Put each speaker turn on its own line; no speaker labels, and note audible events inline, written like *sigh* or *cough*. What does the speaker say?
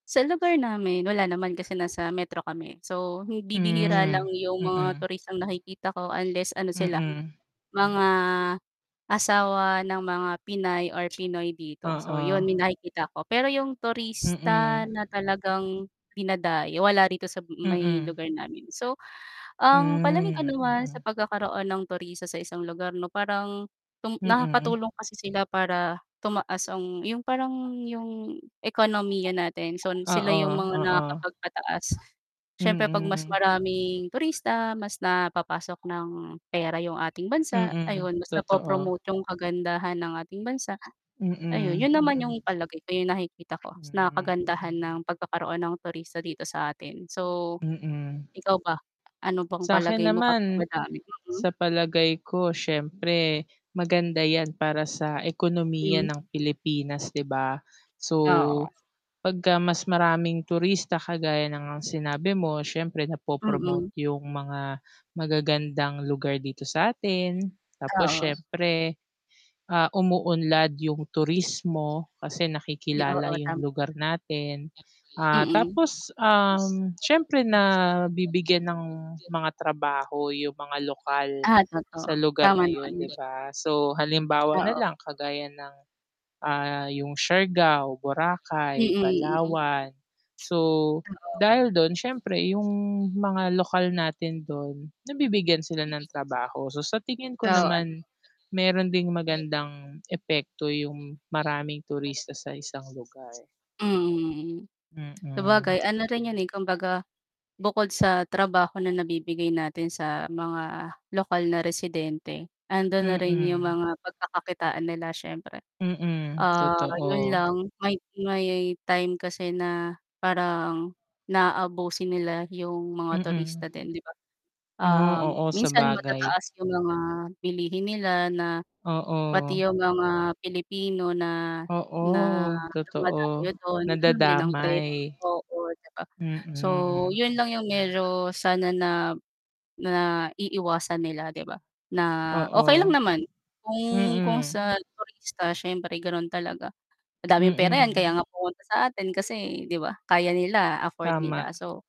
Sa lugar namin, wala naman. Kasi nasa Metro kami. So bibihira lang
Hmm.
yung mga
Mm.
turistang nakikita ko unless ano sila
Mm.
mga asawa ng mga pinay or pinoy dito, so 'yun
Oo.
may nakikita ako. Pero yung
Mm.
turista na talagang dinadayo wala rito sa may
Mm.
lugar namin. So ang palagay ko
Hmm.
naman sa
Mm.
pagkakaroon ng turista sa isang lugar 'no? Parang tong
Mm.
nakakatulong kasi sila para tumaas ang yung parang yung ekonomiya natin. So sila
Oo,
yung mga
oo.
nakakapagpataas siyempre 'pag mas
Mm.
maraming turista mas napapasok ng pera yung ating bansa,
Mm,
ayun mas na
totoo.
po-promote yung kagandahan ng ating bansa. Ayun,
Mm.
'yun naman
Mm
yung palagay ko yung nakikita ko na
Hmm.
kagandahan
Mm.
ng pagkakaroon ng turista dito sa atin. So
Mm.
ikaw ba? Ano bang
Sa'kin
palagay mo kapag
naman,
madami, mm?
sa palagay ko, siyempre maganda 'yan para sa ekonomiya
Mm.
ng Pilipinas, 'di ba? So
Oo.
'pagka mas maraming turista kagaya na ngang sinabi mo, syempre na po
Mm.
promote yung mga magagandang lugar dito sa'tin. Tapos
Oo.
siyempre, ah, umuunlad yung turismo, kasi
Yung
nakikilala
oo
yung
tama.
lugar natin. Ah
Mm.
tapos, um, siyempre nabibigyan ng mga trabaho yung mga lokal
Ah, totoo.
sa lugar
Tama
na yun 'di
'yun.
ba? So halimbawa na
Oo.
lang kagaya ng, ah, yung Siargao, Boracay,
Mm. Mm
Palawan. So,
Oo.
dahil dun siyempre yung mga lokal natin dun nabibigyan sila ng trabaho. So sa tingin ko
*unintelligible*
naman meron ding
Ne
magandang epekto yung maraming turista sa isang lugar.
Mm. Sabagay
Mm.
ano na rin 'yun eh, kumbaga bukod sa trabaho na nabibigay natin sa mga lokal na residente, ando'n na rin yung
Mm.
mga pagkakakitaan nila siyempre.
Mm, *smacks lips*
Ah, 'yun
totoo.
lang may may time kasi na parang na-aabuso nila yung mga turista
Mm.
din 'di ba?
Mm,
Ah
oo,
minsan
sabagay.
matataas yung mga bilihin nila na pati
Oo.
yung mga Pilipino na na
Oo
dumadayo
totoo,
dun ganon din ang
nadadamay.
presyo oo 'di ba? So
Mm.
'yun lang yung medyo sana na naiiwasan nila 'di
Hmm.
ba? Na okay lang
Oo
naman kung kung
Mm.
sa turista siyempre ganon talaga madaming pera yan,
Mm.
kaya nga pumunta sa atin kasi 'di ba aya nila, afford nila.
Tama.
So